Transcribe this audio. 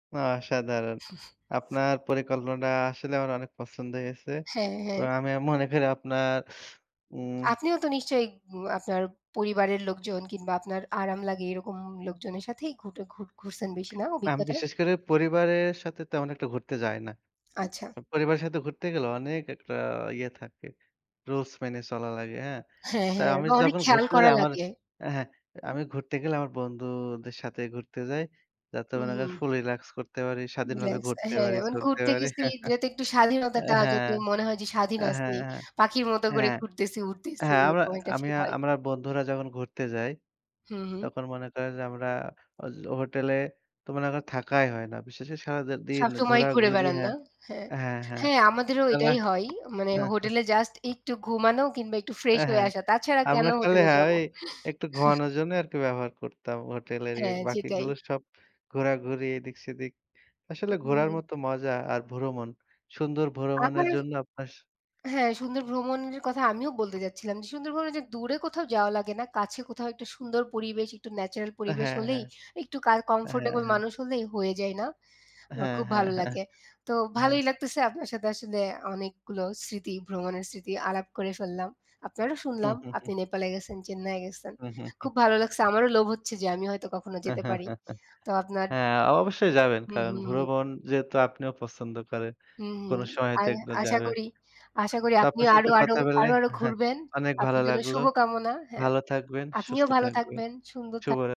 আ অসাধারণ! আপনার পরিকল্পনাটা আসলে আমার অনেক পছন্দ হয়েছে। হ্যাঁ, হ্যাঁ। এবং আমি আ মনে করি আপনার, উম আপনিও তো নিশ্চয়ই উম আপনার পরিবারের লোকজন কিংবা আপনার আরাম লাগে এরকম লোকজনের সাথেই ঘুটে ঘুর ঘুরছেন বেশি, না? না আমি অভিজ্ঞতা? বিশেষ করে পরিবারের সাথে তেমন একটা ঘুরতে যাই না। আচ্ছা। উ পরিবারের সাথে ঘুরতে গেলে অনেক একটা ইয়ে থাকে। rules মেনে চলা লাগে, হ্যাঁ? হ্যাঁ, তাই হ্যাঁ। আমি এবং অনেক যখন খেয়াল ঘুরতে করা যাই আমার লাগে। হ্যাঁ, হু। আমি ঘুরতে গেলে আমার বন্ধুদের সাথে ঘুরতে যাই। যাতে উ মনে হু। করেন ফুল relax করতে পারি, স্বাধীনভাবে রিলাক্স ঘুরতে হ্যাঁ। পারি, অ্যা মানে চলতে ঘুরতে পারি। গেছি, যেহেতু একটু স্বাধীনতাটা হ্যাঁ, হ্যাঁ, যাতে মনে হয় যে স্বাধীন হ্যাঁ, আছি। পাখির মতো করে হ্যাঁ। ঘুরতেছি, উড়তেছি, হ্যাঁ, আমরা এরকম একটা আমি feel হয়। আমরা বন্ধুরা যখন ঘুরতে যাই, হু, হু। তখন মনে করেন যে আমরা ওয হোটেলে তো মনে করেন থাকাই হয় না। বিশেষে সারাটাদিন সবসময়ই ঘুরে ঘোরাঘুরি বেড়ান না? হ্যাঁ। হ্যাঁ। হ্যাঁ, হ্যাঁ। হ্যাঁ, আমাদেরও আর রা এটাই হয়। মানে হোটেলে জাস্ট একটু ঘুমানো কিংবা একটু fresh অ্যা হয়ে হ্যাঁ। আসা। তাছাড়া কেন আমরা খালি হোটেলে হ্যাঁ, যাব? ওই একটু ঘুমানোর জন্য আর কি ব্যবহার করতাম হোটেলের ইয়া। হ্যাঁ, যেটাই। বাকিগুলো সব ঘোরাঘুরি, এদিক-সেদিক। আসলে ঘোরার হুম। মতো মজা আর ভ্রমণ। সুন্দর আমার ভ্রমণের জন্য আপনার হ্যাঁ, সুন্দর ভ্রমণের কথা আমিও বলতে যাচ্ছিলাম। যে সুন্দর ভ্রমণে যে দূরে কোথাও যাওয়া লাগে না। কাছে কোথাও একটা সুন্দর পরিবেশ, একটু natural অ্যা পরিবেশ হ্যাঁ, হলেই, হ্যাঁ। একটু কাই হ্যাঁ, comfortable হ্যাঁ। মানুষ হলেই হয়ে যায় না? আমার হ্যাঁ, খুব হ্যাঁ, ভালো হ্যাঁ, লাগে। তো হ্যাঁ। ভালোই লাগতেছে আপনার সাথে আসলে অনেকগুলো স্মৃতি, ভ্রমণের স্মৃতি আলাপ করে ফেললাম। আপনারও শুনলাম আপনি নেপালে গেছেন, চেন্নাইয়ে গেছেন। খুব ভালো লাগছে। আমারও লোভ হচ্ছে যে আমি হয়তো কখনো যেতে পারি। তো আপনার হ্যাঁ, অবশ্যই যাবেন। হুম, কারণ হুম। ভ্রমণ যেহেতু আপনিও পছন্দ করেন, হুম, হুম। কোন সময়তে আর একটু আশা যাবেন। করি আশা করি তো আপনার আপনিও আরো সাথে আরো, কথা বলে আরো আরো ঘুরবেন। অনেক আপনার ভালো জন্য লাগলো। শুভকামনা, হ্যাঁ। ভালো থাকবেন, আপনিও সুস্থ ভালো থাকবেন। থাকবেন, সুন্দর থাক শুভরা